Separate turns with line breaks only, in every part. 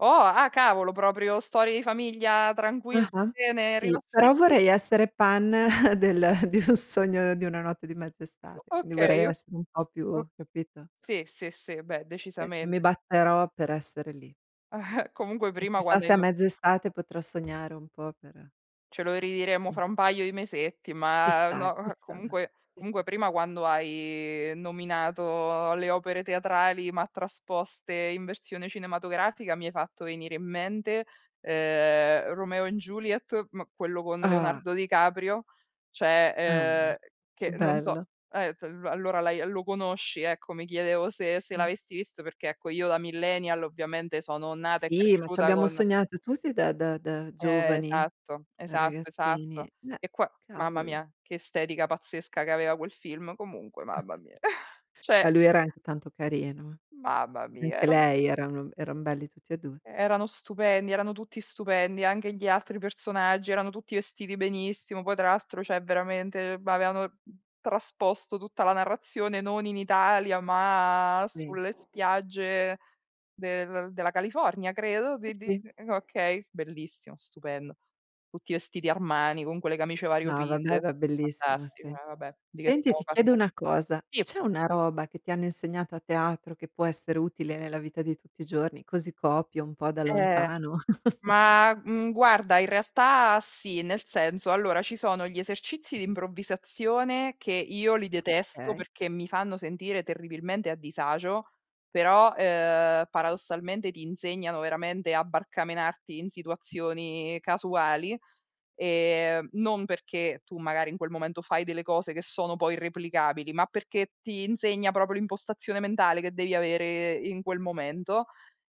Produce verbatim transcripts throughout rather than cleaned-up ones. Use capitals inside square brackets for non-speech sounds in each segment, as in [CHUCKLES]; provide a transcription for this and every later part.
Oh, ah cavolo, proprio storie di famiglia tranquil
Ah-ah.
zione
Sì,
rilassan
però
[CHUCKLES]
vorrei essere Pan [CHUCKLES] del di un Sogno Di Una Notte Di Mezza Estate, quindi vorrei
Okay, o
essere un po' più,
o
capito?
sì, sì, sì, beh
Sì, e mi
decisamente.
batterò per essere lì.
[CHUCKLES] Comunque
E
prima
chissà
quando hai
se a
no
mezza estate potrò sognare un po' per
Ce lo riiremo
Mh.
fra un paio di mesetti, ma
Chissà,
no eh,
chissà,
comunque comunque
chissà.
prima quando hai nominato le opere teatrali ma trasposte in versione cinematografica mi hai fatto venire in mente, ehm, Romeo& Juliet, ma quello con
Ah.
Leonardo Di Caprio, ceh,
Mamma.
ehm, che non so,
Bello.
eh t a allora l'hai, ehm, lo conosci ecco, mi chiedevo se se
tì.
l'avessi visto perché ecco io da millennial ovviamente sono nata e
Sì, ma ci
cresciuta
abbiamo
con
sognato tutti da da da
Eh,
giovani,
esatto,
da
esatto,
ragazzini.
esatto.
Eh,
E qua mamma
cavoli.
mia che estetica pazzesca che aveva quel film comunque, mamma
[CHUCKLES]
mia. [CHUCKLES] Cioè
Ma lui era anche tanto carino eh.
Mamma mia
Anche
erano
lei erano eran belli tutti e due.
erano stupendi, erano tutti stupendi, anche gli altri personaggi erano tutti vestiti benissimo, poi tra l'altro ceh veramente, ehm, b avevano t trasposto tutta la narrazione non in Italia ma
Sì.
sulle spiagge del della California credo.
Sì,
Di d
sì.
d okay, bellissimo, stupendo. Tutti vestiti Armani, con quelle camicie
No, va beh,
variopinte.
era bellissima,
Fantastico,
sì.
eh va beh, di che
Senti,
stiamo
ti chiedo
parlando,
una cosa,
sì.
c'è una roba che ti hanno insegnato a teatro che può essere utile nella vita di tutti i giorni, così copio un po' da
Eh.
lontano? [CHUCKLES]
Ma, mhmm, guarda in realtà sì, nel senso allora ci sono gli esercizi di improvvisazione che io li detesto
Okay.
perché mi fanno sentire terribilmente a disagio, però, ehm, paradossalmente ti insegnano veramente a barcamenarti in situazioni casuali ,ehm, non perché tu magari in quel momento fai delle cose che sono poi irreplicabili, ma perché ti insegna proprio l'impostazione mentale che devi avere in quel momento.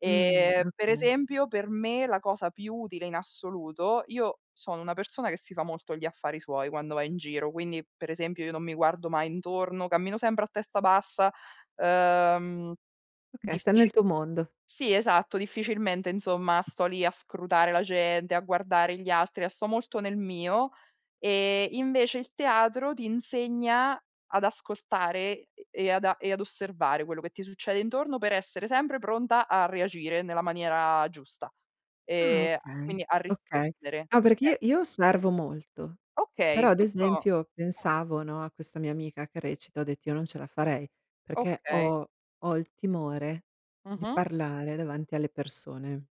Mhmm,
Ehm, per
okay.
esempio per me la cosa più utile in assoluto io sono una persona che si fa molto gli affari suoi quando va in giro, quindi per esempio io non mi guardo mai intorno, cammino sempre a testa bassa, ehm,
Okay, stai nel
diffici
tuo mondo.
sì esatto, difficilmente insomma sto lì a scrutare la gente, a guardare gli altri, a sto molto nel mio, ehm, invece il teatro ti insegna ad ascoltare e e ad e ad osservare quello che ti succede intorno per essere sempre pronta a reagire nella maniera giusta,
Ah
ehm, a
okay,
quindi a
okay.
rispondere.
No, perché io
Ecco,
io
sì.
osservo molto, però
Okay,
ad
questo
esempio
ah.
pensavo, no, a questa mia amica che recita, ho detto: "Io non ce la farei," perché
Okay.
ho ho il timore di
Mh-mh.
parlare davanti alle persone.